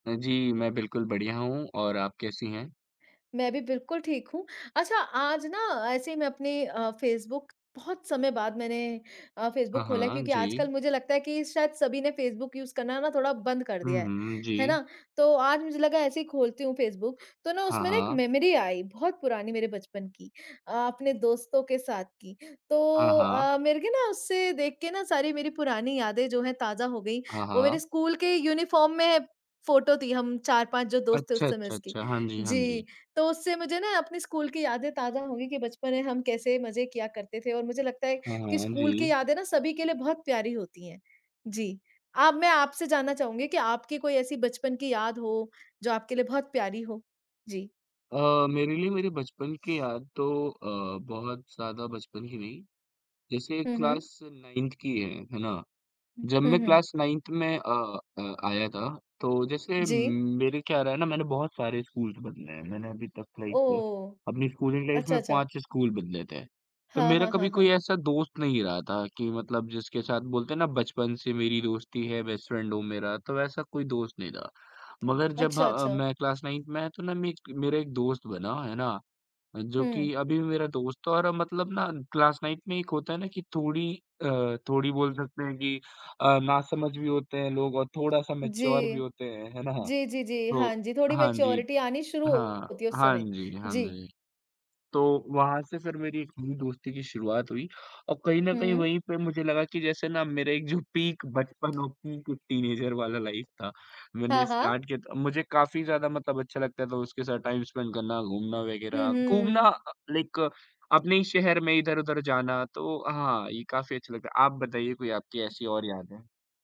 अ, जी, मैं बिल्कुल बढ़िया हूँ, और आप कैसी हैं? मैं भी बिल्कुल ठीक हूँ। अच्छा आज ना ऐसे ही मैं अपने अ, फ़ेसबुक बहुत समय बाद मैंने अ, हाँ, फ़ेसबुक ख़ोला है हाँ, क्योंकि जी। आजकल मुझे लगता है कि शायद सभी ने फ़ेसबुक यूज़ करना ना थोड़ा बंद कर हुँ, दिया है। हुँ, हैं जी। ना? तो आज मुझे लगा ऐसे ही खोलती हूँ फ़ेसबुक, तो ना हाँ, उसमें ना एक हाँ। मेमोरी आई, बहुत पुरानी मेरे बचपन की, अ, अपने दोस्तों के साथ की। हाँ, तो हाँ। अ, मेरे को ना उससे देख के ना सारी मेरी पुरानी यादें जो हैं, ताज़ा हो गई। हाँ, वो मेरे हाँ। स्कूल के यूनिफ़ॉर्म में फ़ोटो थी हम 4-5 जो दोस्त थे, उस अच्छा, समय अच्छा, उसकी। अच्छा। हाँ जी, हाँ जी, जी। तो उससे मुझे ना अपनी स्कूल की यादें ताज़ा हो गई कि बचपन में हम कैसे मज़े किया करते थे और मुझे लगता है हाँ, कि हाँ, स्कूल की जी। यादें ना सभी के लिए बहुत प्यारी होती हैं। जी, अब मैं आपसे जानना चाहूँगी कि आपकी कोई ऐसी बचपन की याद हो, जो आपके लिए बहुत प्यारी हो? जी। अ, मेरे लिए मेरी बचपन की याद तो अ, बहुत ज़्यादा बचपन की नहीं। जैसे हुँ, हुँ। क्लास 9th की है, हैं ना? हुँ, जब हुँ, मैं हुँ। क्लास 9th में अ अ, आया था, तो जैसे म जी। मेरे क्या रहा है ना, मैंने बहुत सारे स्कूल्स बदले हैं। मैंने अभी तक लाइक ओह! अपनी स्कूलिंग लाइफ़ अच्छा, में अच्छा। 5-6 स्कूल बदले थे। तो हाँ, मेरा हाँ, हाँ, कभी कोई हाँ। ऐसा दोस्त नहीं रहा था कि मतलब जिसके साथ बोलते हैं ना, बचपन से मेरी दोस्ती है बेस्ट फ्रेंड हो मेरा तो ऐसा कोई दोस्त नहीं था। मगर जब अच्छा ह ,अच्छा। मैं क्लास 9th में आया तो ना मक मेरा एक दोस्त बना, हैं ना? जो हुँ। की अभी भी मेरा दोस्त था और अब मतलब ना क्लास 9th में एक होता है ना कि थोड़ी अ, थोड़ी बोल सकते हैं कि अ, नासमझ भी होते हैं लोग और थोड़ा-सा मैच्योर भी जी। होते हैं, हैं ना? जी, जी, जी। तो हाँ जी, थोड़ी हाँ जी। मैच्योरिटी आनी शुरू हाँ, होती है उस हाँ समय, जी, हाँ जी। जी। तो वहाँ से फिर मेरी एक नई दोस्ती की शुरुआत हुई और कहीं न कहीं हुँ। वहीं पे मुझे लगा कि जैसे ना मेरा एक जो पीक बचपन और पीक टीनेजर वाला लाइफ था, मैंने हाँ, हाँ। स्टार्ट किया था। मुझे काफ़ी ज़्यादा मतलब अच्छा लगता था उसके साथ टाइम स्पेंड करना, घूमना हुँ, वग़ैरह, घूमना हुँ। अ, लाइक अपने ही शहर में, इधर-उधर जाना तो हाँ, ये काफ़ी अच्छा लगता है। आप बताइए कोई आपकी ऐसी और यादें?